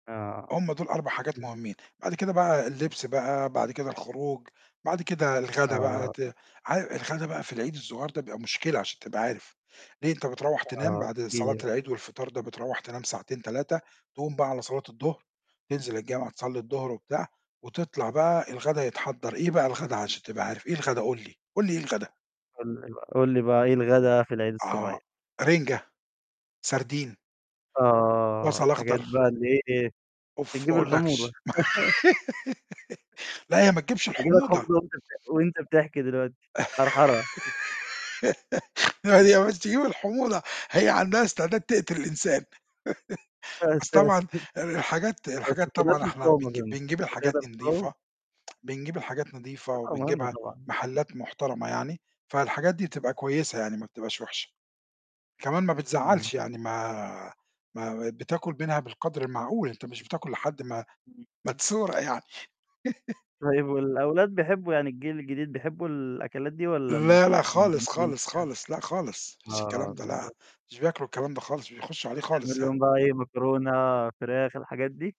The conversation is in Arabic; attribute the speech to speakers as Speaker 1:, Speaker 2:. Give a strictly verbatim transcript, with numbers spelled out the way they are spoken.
Speaker 1: آه.
Speaker 2: هُم دُول أربع حاجات مُهمّين، بعد كده بقى اللبس بقى، بعد كده الخروج، بعد كده الغدا بقى
Speaker 1: آه.
Speaker 2: ت عا الغدا بقى في العيد الصغيّر ده بيبقى مشكلة عشان تبقى عارف، ليه؟ أنت بترَوّح تنام
Speaker 1: آه.
Speaker 2: بعد
Speaker 1: احكِ لي
Speaker 2: صلاة
Speaker 1: بقى.
Speaker 2: العيد والفطار ده، بترَوّح تنام ساعتين، تلاتة، تقوم بقى على صلاة الضهر، تنزل الجامع تصلّي الضهر وبتاع، وتطلع بقى الغدا يتحضّر، إيه بقى الغدا عشان تبقى عارف، إيه الغدا، قُل لي، قُل لي إيه الغدا؟
Speaker 1: قُل لي بقى قُل لي بقى إيه الغدا في العيد
Speaker 2: آه،
Speaker 1: الصغيّر.
Speaker 2: رِنجة، سردين.
Speaker 1: آه.
Speaker 2: بصل
Speaker 1: الحاجات
Speaker 2: أخضر.
Speaker 1: بقى اللي هي إيه،
Speaker 2: أوف ما
Speaker 1: بتجيب الحموضة.
Speaker 2: أقولَّكش، لأ، هي ما تجيبش
Speaker 1: تيجي لك حموضة
Speaker 2: الحموضة.
Speaker 1: وأنت بتح وأنت بتحكي دلوقتي، حرحرة.
Speaker 2: لا دي مش تجيب الحموضة، هي عندها استعداد تقتل الإنسان،
Speaker 1: يا
Speaker 2: بس
Speaker 1: ساتر!
Speaker 2: طبعًا الحاجات
Speaker 1: بس ما
Speaker 2: الحاجات طبعًا
Speaker 1: تقدرش
Speaker 2: إحنا
Speaker 1: تقاوم
Speaker 2: بنج
Speaker 1: أظن،
Speaker 2: بنجيب الحاجات
Speaker 1: بتقدر
Speaker 2: دي
Speaker 1: تقاوم؟
Speaker 2: نضيفة، بنجيب الحاجات نضيفة
Speaker 1: طبعًا مهمة
Speaker 2: وبنجيبها
Speaker 1: طبعًا.
Speaker 2: محلات محترمة يعني، فالحاجات دي بتبقى كويسة يعني ما بتبقاش وِحشة، كمان ما
Speaker 1: إمم.
Speaker 2: بتزعّلش يعني ما ما ب بتاكل منها بالقدر المعقول، أنت مش بتاكل لحد ما
Speaker 1: إمم.
Speaker 2: ما تسورق يعني
Speaker 1: طيب والأولاد بيحبوا يعني الجيل الجديد بيحبوا الأكلات دي والّا
Speaker 2: لا، لا
Speaker 1: مش
Speaker 2: خالص،
Speaker 1: مندمجين
Speaker 2: خالص، خالص. لأ، خالص، ما
Speaker 1: فيها؟
Speaker 2: فيش الكلام
Speaker 1: آه،
Speaker 2: ده لا،
Speaker 1: بالضبط.
Speaker 2: مش بياكلوا الكلام ده خالص، مش بيخُشُّوا عليه خالص
Speaker 1: تعمل
Speaker 2: يعني.
Speaker 1: لهم بقى إيه، مكرونة، فراخ، الحاجات دي؟